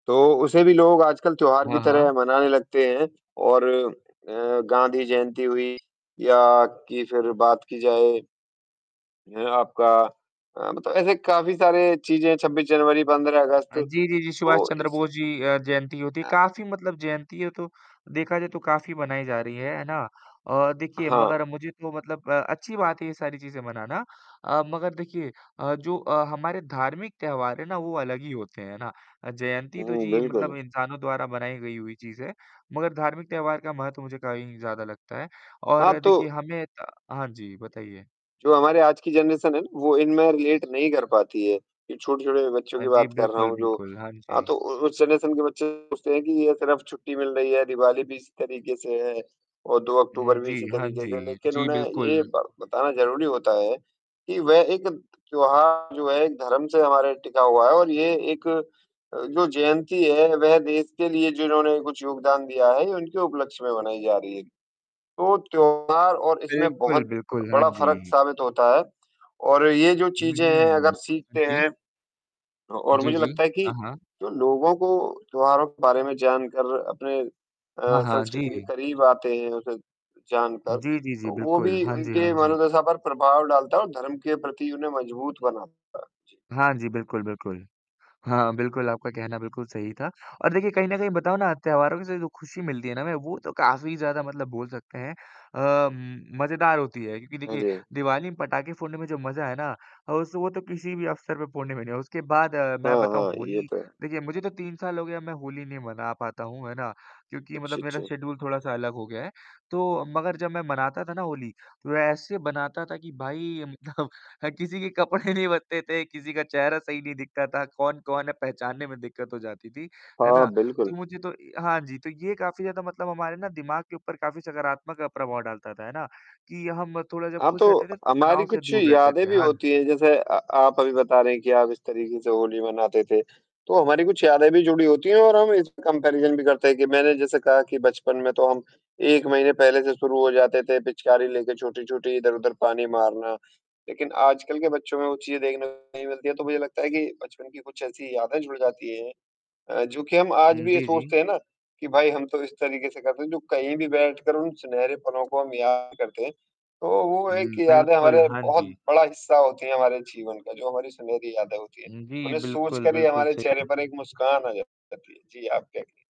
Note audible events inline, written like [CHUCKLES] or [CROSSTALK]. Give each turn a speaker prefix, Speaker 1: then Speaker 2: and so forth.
Speaker 1: तो उसे भी लोग आजकल त्योहार की
Speaker 2: हाँ, हाँ।
Speaker 1: तरह मनाने लगते हैं और अ, गांधी जयंती हुई या कि फ़िर बात की जाए ये आपका अ, मतलब ऐसे काफ़ी सारे चीज़ें हैं, 26 जनवरी, 15 अगस्त।
Speaker 2: अ, जी, जी, जी। सुभाष
Speaker 1: तो
Speaker 2: चंद्र
Speaker 1: इसी
Speaker 2: बोस जी अ, जयंती होती है,
Speaker 1: अ
Speaker 2: काफ़ी मतलब जयंती है तो, देखा जाए तो काफ़ी बनाई जा रही है, है ना? और देखिए,
Speaker 1: हाँ।
Speaker 2: मगर मुझे तो मतलब अ, अच्छी बात है ये सारी चीज़ें मनाना। अ, मगर देखिए अ, जो अ, हमारे धार्मिक त्योहार हैं ना, वो अलग ही होते हैं, है ना? अ, जयंती तो
Speaker 1: हुँ,
Speaker 2: जी मतलब
Speaker 1: बिल्कुल।
Speaker 2: इंसानों द्वारा बनाई गई हुई चीज़ है। मगर धार्मिक त्योहार का महत्व मुझे कहीं ज़्यादा लगता है,
Speaker 1: हाँ,
Speaker 2: और देखिए
Speaker 1: तो
Speaker 2: हमें त हाँ जी, बताइए?
Speaker 1: जो हमारे आज की जनरेशन है ना, वो इनमें रिलेट नहीं कर पाती है। ये छोटे-छोटे बच्चों
Speaker 2: हाँ
Speaker 1: की
Speaker 2: जी।
Speaker 1: बात कर रहा
Speaker 2: बिल्कुल,
Speaker 1: हूँ, जो
Speaker 2: बिल्कुल। हाँ
Speaker 1: हाँ,
Speaker 2: जी।
Speaker 1: तो उ उस जनरेशन के बच्चे सोचते हैं कि ये सिर्फ़ छुट्टी मिल रही है, दीवाली भी इसी तरीक़े से है। और 2
Speaker 2: हुँ।
Speaker 1: अक्टूबर भी
Speaker 2: जी,
Speaker 1: इसी
Speaker 2: हाँ
Speaker 1: तरीक़े से,
Speaker 2: जी।
Speaker 1: लेक़िन
Speaker 2: जी,
Speaker 1: उन्हें
Speaker 2: बिल्कुल।
Speaker 1: ये ब बताना ज़रूरी होता है, कि वह एक त्योहार जो है, एक धर्म से हमारा टिका हुआ है और ये एक अ, जो जयंती है, वह देश के लिए जिन्होंने कुछ योगदान दिया है, ये उनके उपलक्ष्य में बनाई जा रही है। तो त्योहार और इसमें
Speaker 2: बिल्कुल,
Speaker 1: बहुत
Speaker 2: बिल्कुल। हाँ
Speaker 1: बड़ा फ़र्क
Speaker 2: जी।
Speaker 1: साबित होता है, और ये जो
Speaker 2: हुँ,
Speaker 1: चीज़ें हैं
Speaker 2: हुँ।
Speaker 1: अगर
Speaker 2: हाँ
Speaker 1: सीखते
Speaker 2: जी।
Speaker 1: हैं अ, और
Speaker 2: जी,
Speaker 1: मुझे
Speaker 2: जी।
Speaker 1: लगता है कि
Speaker 2: हाँ, हाँ।
Speaker 1: तो लोगों को त्योहारों के बारे में जानकर अपने
Speaker 2: हाँ,
Speaker 1: अ,
Speaker 2: हाँ।
Speaker 1: संस्कृति के
Speaker 2: जी।
Speaker 1: करीब आते हैं उसे जानकर।
Speaker 2: जी, जी, जी।
Speaker 1: तो वो
Speaker 2: बिल्कुल।
Speaker 1: भी
Speaker 2: हाँ जी, हाँ
Speaker 1: उनके
Speaker 2: जी।
Speaker 1: मनोदशा पर प्रभाव डालता है और धर्म के प्रति उन्हें मज़बूत बनाता है। जी।
Speaker 2: हाँ जी, बिल्कुल, बिल्कुल। हाँ, बिल्कुल आपका कहना बिल्कुल सही था। और देखिए, कहीं न कहीं बताऊँ ना त्योहारों से जो खुशी मिलती है ना, हमें वो तो काफ़ी ज़्यादा मतलब बोल सकते हैं अ, म मज़ेदार होती है, क्योंकि
Speaker 1: हाँ
Speaker 2: देखिए
Speaker 1: जी।
Speaker 2: दिवाली में पटाखे फोड़ने में जो मज़ा है ना, उस वो तो किसी भी अवसर पे फ़ोड़ने में नहीं है। उसके बाद मैं
Speaker 1: हाँ,
Speaker 2: बताऊँ
Speaker 1: हाँ। ये
Speaker 2: होली
Speaker 1: तो है।
Speaker 2: देखिए मुझे तो 3 साल हो गए हैं मैं होली नहीं मना पाता हूँ, है ना? क्योंकि
Speaker 1: अच्छा,
Speaker 2: मतलब मेरा
Speaker 1: अच्छा।
Speaker 2: शेड्यूल थोड़ा-सा अलग हो गया है। तो मगर जब मैं मनाता था ना होली, तो ऐसे बनाता था कि भाई [CHUCKLES] किसी के कपड़े नहीं बचते थे, किसी का चेहरा सही नहीं दिखता था, कौन-कौन है पहचानने में दिक़्क़त हो जाती थी, है
Speaker 1: हाँ,
Speaker 2: ना?
Speaker 1: बिल्कुल।
Speaker 2: तो मुझे तो हाँ जी, तो ये काफ़ी ज़्यादा मतलब हमारे ना दिमाग के ऊपर काफ़ी सकारात्मक प्रभाव डालता था, है ना? कि हम थोड़ा जब
Speaker 1: हाँ,
Speaker 2: खुश रहते
Speaker 1: तो
Speaker 2: थे
Speaker 1: हमारी
Speaker 2: तनाव से
Speaker 1: कुछ
Speaker 2: दूर रहते
Speaker 1: यादें
Speaker 2: थे।
Speaker 1: भी
Speaker 2: हाँ
Speaker 1: होती
Speaker 2: जी।
Speaker 1: हैं जैसे अ, आप अभी बता रहे हैं कि आप इस तरीक़े से होली मनाते थे। तो हमारी कुछ यादें भी जुड़ी होती हैं और हम इसमें कंपैरिज़न भी करते हैं कि मैंने जैसे कहा कि बचपन में तो हम 1 महीने पहले से शुरू हो जाते थे, पिचकारी लेके छोटी-छोटी, इधर-उधर पानी मारना। लेक़िन आजकल के बच्चों में वो चीज़ देखने को में नहीं मिलती है, तो मुझे लगता है कि बचपन की कुछ ऐसी यादें जुड़ जाती हैं। अ, जो कि हम आज
Speaker 2: हुँ।
Speaker 1: भी ये
Speaker 2: जी, जी।
Speaker 1: सोचते हैं ना, कि भई हम तो इस तरीक़े से करते हैं, जो कहीं भी बैठ कर उन सुनहरे पलों को हम याद करते हैं। तो वो एक
Speaker 2: हुँ,
Speaker 1: यादें
Speaker 2: बिल्कुल।
Speaker 1: हमारे
Speaker 2: हाँ
Speaker 1: बहुत
Speaker 2: जी।
Speaker 1: बड़ा हिस्सा होती है हमारे जीवन का, जो हमारी सुनहरी यादें होती हैं।
Speaker 2: उम, जी,
Speaker 1: उन्हें सोच
Speaker 2: बिल्कुल,
Speaker 1: कर ही
Speaker 2: बिल्कुल
Speaker 1: हमारे
Speaker 2: सही।
Speaker 1: चेहरे पर एक मुस्कान अ, आ जाती है। जी, आप क्या कहते हैं?